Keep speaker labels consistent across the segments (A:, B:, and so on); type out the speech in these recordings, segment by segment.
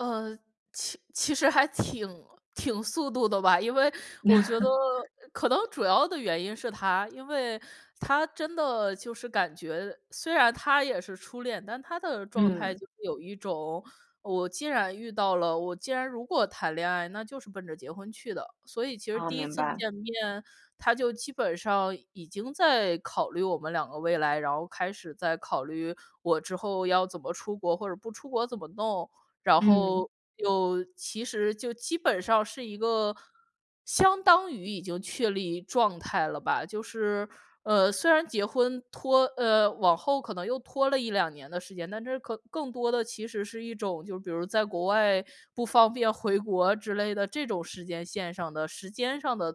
A: 呃，其其实还挺挺速度的吧。因为，我觉得可能 主要的原因是他，因为，他真的就是感觉虽然他也是初恋，但他的状态
B: 嗯。
A: 就是有一种，我既然遇到了，我既然如果谈恋爱，那就是奔着结婚去的。所以其实
B: 哦，
A: 第1
B: 明
A: 次
B: 白。
A: 见面，他就基本上，已经在考虑我们两个未来，然后开始在考虑“我之后要怎么出国，或者不出国怎么弄”，然
B: 嗯。
A: 后，又其实就基本上是一个相当于已经确立状态了吧，就是，呃，虽然结婚拖呃，往后可能又拖了1-2年的时间，但这可更多的其实是一种就比如在国外，不方便回国之类的，这种时间线上的时间上的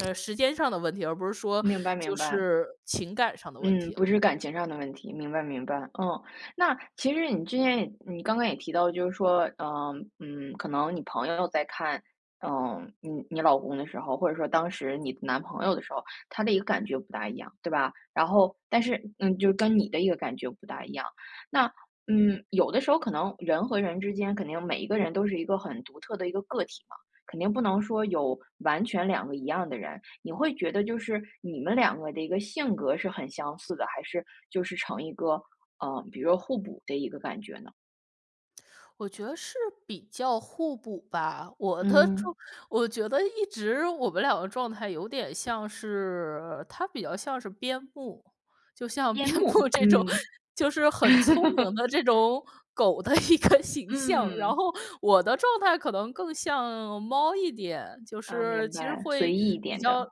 A: 呃，时间上的问题，而不是说，
B: 明白，
A: 就
B: 明白。
A: 是，情感上的问
B: 嗯，
A: 题
B: 不
A: 了。
B: 是感情上的问题，明白，明白，嗯。那其实你之前也你刚刚也提到，就是说，呃，嗯，可能你朋友在看，嗯，你你老公的时候，或者说当时你男朋友的时候，他的一个感觉不大一样，对吧？然后但是嗯，就是跟你的一个感觉不大一样。那，嗯，有的时候可能，人和人之间肯定每一个人都是一个很独特的一个个体嘛，肯定不能说有完全两个一样的人。你会觉得就是，你们两个的一个性格是很相似的，还是就是成一个，呃，比如说互补的一个感觉呢？
A: 我觉得是比较互补吧，我的
B: 嗯。
A: 状我觉得一直，我们两个状态有点像是，它比较像是边牧。就像
B: 边
A: 边
B: 牧，
A: 布这种，
B: 嗯。
A: 就是很聪明 的这种狗的一个形象，然
B: 嗯。
A: 后我的状态可能更像猫一点，就
B: 呃，
A: 是
B: 明
A: 其实
B: 白，随
A: 会
B: 意一
A: 比
B: 点的。
A: 较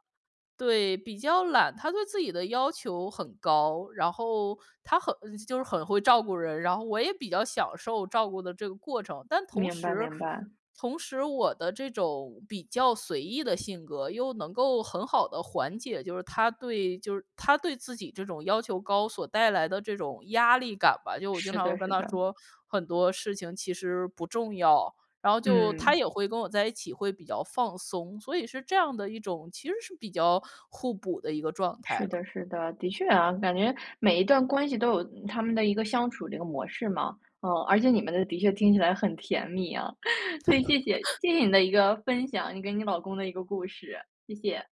A: 对，比较懒。他对自己的要求很高，然后，他很就是很会照顾人，然后我也比较享受照顾的这个过程。但同
B: 明白，
A: 时，
B: 明白。
A: 同时我的这种比较随意的性格，又能够很好地缓解，就是他对就是，他对自己这种要求高，所带来的这种压力感吧，就我经
B: 是
A: 常会
B: 的，
A: 跟
B: 是
A: 他
B: 的。
A: 说：“很多事情其实不重要。”然后就，他
B: 嗯。
A: 也会跟我在一起会比较放松。所以是这样的一种其实是比较互补的一个状态
B: 是
A: 了。
B: 的，是的。的确啊，感觉，每一段关系都有，嗯，他们的一个相处这个模式嘛。啊，而且你们的的确听起来很甜蜜啊，所以谢谢，谢谢你的一个分享，你跟你老公的一个故事。谢谢。